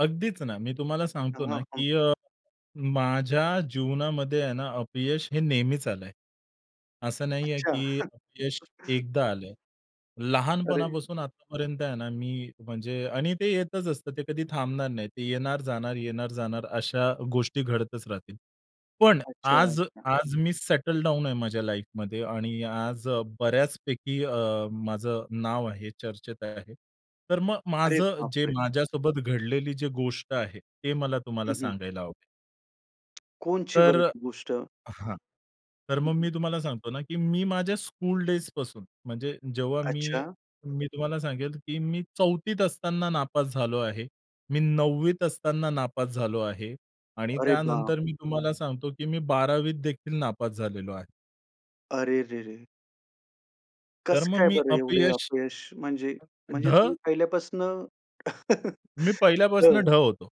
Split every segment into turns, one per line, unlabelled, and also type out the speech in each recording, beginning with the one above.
अगदीच ना. मी तुम्हाला सांगतो
तेव्हा.
ना,
हं.
की अ, माझ्या जीवनामध्ये आहे ना, अपयश हे नेहमीच आलंय. असं नाहीये
अच्छा.
की अपयश एकदा आलं.
अरे!
लहानपणापासून आतापर्यंत आहे ना, मी म्हणजे आणि ते येतच असतं. ते कधी थांबणार नाही. ते येणार-जाणार, येणार-जाणार अशा गोष्टी घडतच राहतील. पण
अच्छा,
आज
अच्छा!
आज मी सेटल डाउन आहे माझ्या लाईफमध्ये आणि आज बऱ्याचपैकी अ, माझं नाव आहे, चर्चेत आहे. तर मग
अरे
माझं जे
बापरे!
माझ्यासोबत घडलेली जी गोष्ट आहे, ते मला तुम्हाला
हं, हं.
सांगायला आवडेल.
कोणची
तर
बरं ती गोष्ट?
हां. तर
हं,
मग
हं.
मी तुम्हाला सांगतो ना, की मी माझ्या स्कूलडेजपासून म्हणजे जेव्हा मी,
अच्छा.
मी तुम्हाला सांगेल की मी 4थीत असताना नापास झालो आहे. मी 9वीत असताना नापास झालो आहे. आणि
अरे बाप!
त्यानंतर मी तुम्हाला सांगतो, की मी 12वीत देखील नापास झालेलो आहे.
अरे रे रे!
तर
कसं
मग
काय
मी
बरं एवढे
अपयश
अपयश? म्हणजे म्हणजे
ढ.
तुम्ही पहिल्यापासनं.
मी पहिल्यापासून ढ
हो.
होतो.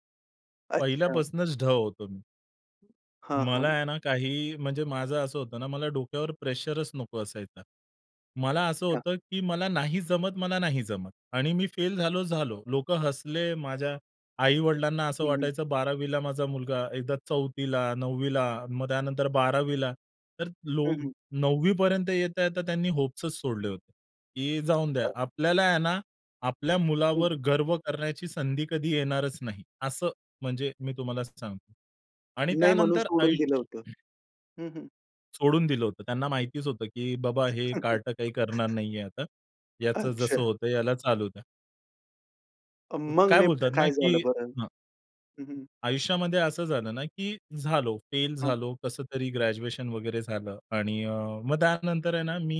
अच्छा.
पहिल्यापासूनच ढ होतो मी.
हां,
मला
हां.
आहे ना, काही म्हणजे माझं असं होतं ना, मला डोक्यावर प्रेशरच नको असायचा. मला असं
हां.
होतं, की मला नाही जमत, मला नाही जमत. आणि मी फेल झालो, झालो. लोकं हसले. माझ्या आई-वडिलांना असं
हं, हं.
वाटायचं, 12वीला माझा मुलगा एकदा 4थीला, 9वीला मग त्यानंतर 12वीला. तर
हं,
लोग
हं.
9वीपर्यंत येता-येता त्यांनी होप्सच सोडले होते. की जाऊन द्या.
अ.
आपल्याला आहे ना, आपल्या
हं,
मुलावर
हं.
गर्व करण्याची संधी कधी येणारच नाही. असं म्हणजे मी तुम्हाला सांगतो. आणि
नाही म्हणून
त्यानंतर
सोडून दिलं
आयुष्य
होतं. हं, हं.
सोडून दिलं होतं. त्यांना माहितीच होतं, की बाबा हे कार्ट काही करणार नाहीये आता. याचं जसं
अच्छा.
होतं, याला चालू द्या.
अ,
अ,
मग
काय
नेमकं
बोलतात ना,
काय झालं
की
बरं?
हं.
हं, हं.
आयुष्यामध्ये असं झालं ना, की झालो, फेल
हं.
झालो, कसं तरी ग्रॅज्युएशन वगैरे झालं आणि अ, मग त्यानंतर आहे ना, मी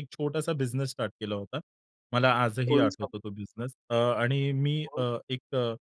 1 छोटासा बिझनेस स्टार्ट केला होता. मला आजही
कोणचा?
आठवतो तो बिझनेस अ आणि मी
हो.
अ, एक अ